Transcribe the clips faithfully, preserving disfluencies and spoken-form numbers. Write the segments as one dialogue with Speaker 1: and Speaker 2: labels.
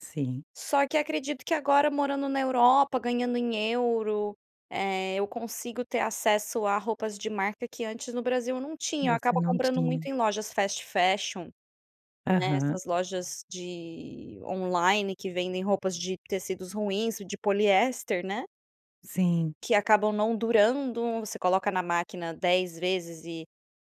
Speaker 1: Sim.
Speaker 2: Só que acredito que agora morando na Europa ganhando em euro, eh, eu consigo ter acesso a roupas de marca que antes no Brasil eu não tinha. Eu
Speaker 1: Você
Speaker 2: acabo
Speaker 1: não
Speaker 2: comprando
Speaker 1: tinha.
Speaker 2: muito em lojas fast fashion. Né,
Speaker 1: Aham.
Speaker 2: essas lojas de online que vendem roupas de tecidos ruins de poliéster, né.
Speaker 1: Sim.
Speaker 2: Que acabam não durando. Você coloca na máquina dez vezes e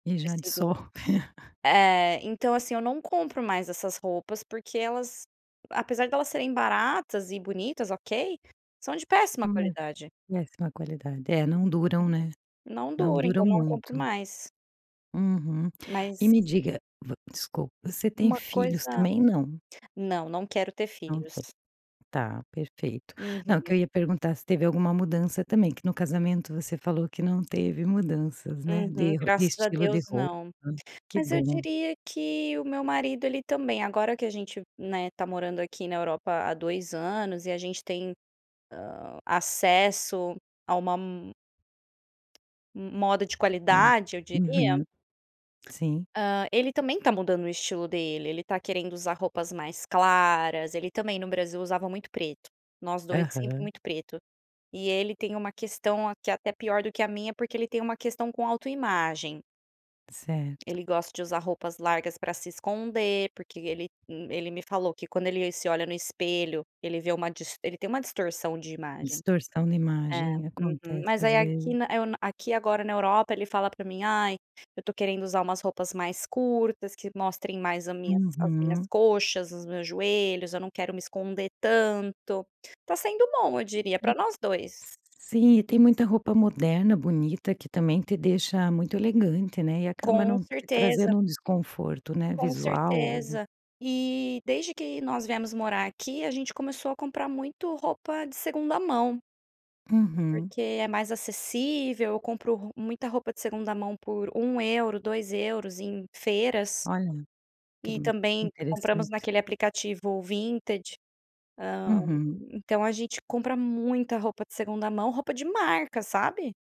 Speaker 1: E já
Speaker 2: tecido,
Speaker 1: dissolve.
Speaker 2: eh, então assim, eu não compro mais essas roupas porque elas apesar delas serem baratas e bonitas, ok, são de péssima
Speaker 1: É,
Speaker 2: qualidade.
Speaker 1: péssima qualidade. É, não
Speaker 2: Uhum.
Speaker 1: duram, né.
Speaker 2: Não
Speaker 1: Não
Speaker 2: dura
Speaker 1: duram
Speaker 2: então não compro
Speaker 1: muito.
Speaker 2: mais.
Speaker 1: Uhum. E
Speaker 2: Mas
Speaker 1: me diga desculpa, você tem
Speaker 2: uma
Speaker 1: filhos
Speaker 2: coisa
Speaker 1: também, não?
Speaker 2: não, não quero ter
Speaker 1: Não tem.
Speaker 2: filhos.
Speaker 1: Tá perfeito. Não que
Speaker 2: Uhum.
Speaker 1: eu ia perguntar se teve alguma mudança também, que no casamento você falou que não teve mudanças, né,
Speaker 2: Uhum.
Speaker 1: de de
Speaker 2: Graças a
Speaker 1: estilo de
Speaker 2: Deus
Speaker 1: roupa
Speaker 2: não.
Speaker 1: que
Speaker 2: Mas eu
Speaker 1: bom.
Speaker 2: diria que o meu marido ele também, agora que a gente, né, tá morando aqui na Europa há dois anos e a gente tem, hã, acesso a uma m moda de
Speaker 1: Uma,
Speaker 2: qualidade eu diria,
Speaker 1: uhum. Sim.
Speaker 2: hã, ele também tá mudando o estilo dele. Ele tá querendo usar roupas mais claras, ele também no Brasil usava muito preto. Nós dois sempre
Speaker 1: Aham.
Speaker 2: muito preto e ele tem uma questão aqui até pior do que a minha porque ele tem uma questão com autoimagem.
Speaker 1: Certo.
Speaker 2: Ele gosta de usar roupas largas para se esconder porque ele ele me falou que quando ele se olha no espelho ele vê uma ele dist tem uma distorção de imagem.
Speaker 1: Distorção de
Speaker 2: É,
Speaker 1: imagem,
Speaker 2: uhum,
Speaker 1: acontece
Speaker 2: mas
Speaker 1: às
Speaker 2: aí
Speaker 1: vezes.
Speaker 2: aqui na eu aqui agora na Europa ele fala pra mim: "Ai, eu tô querendo usar umas roupas mais curtas que mostrem mais a minhas as minhas
Speaker 1: Uhum.
Speaker 2: coxas os meus joelhos, eu não quero me esconder tanto." Tá sendo bom eu diria
Speaker 1: E
Speaker 2: pra nós dois.
Speaker 1: Sim e tem muita roupa moderna bonita que também te deixa muito elegante, né, e acaba
Speaker 2: Com
Speaker 1: não
Speaker 2: certeza.
Speaker 1: trazendo um desconforto, né,
Speaker 2: Com
Speaker 1: visual ou
Speaker 2: certeza e desde que nós viemos morar aqui a gente começou a comprar muito roupa de segunda mão.
Speaker 1: Uhum.
Speaker 2: Porque é mais acessível eu compro muita roupa de segunda mão por um euro, dois euros feiras,
Speaker 1: Olha, que
Speaker 2: e
Speaker 1: b
Speaker 2: também compramos
Speaker 1: interessante.
Speaker 2: naquele aplicativo Vinted, hã,
Speaker 1: Uhum.
Speaker 2: então a gente compra muita roupa de segunda mão roupa de marca, sabe?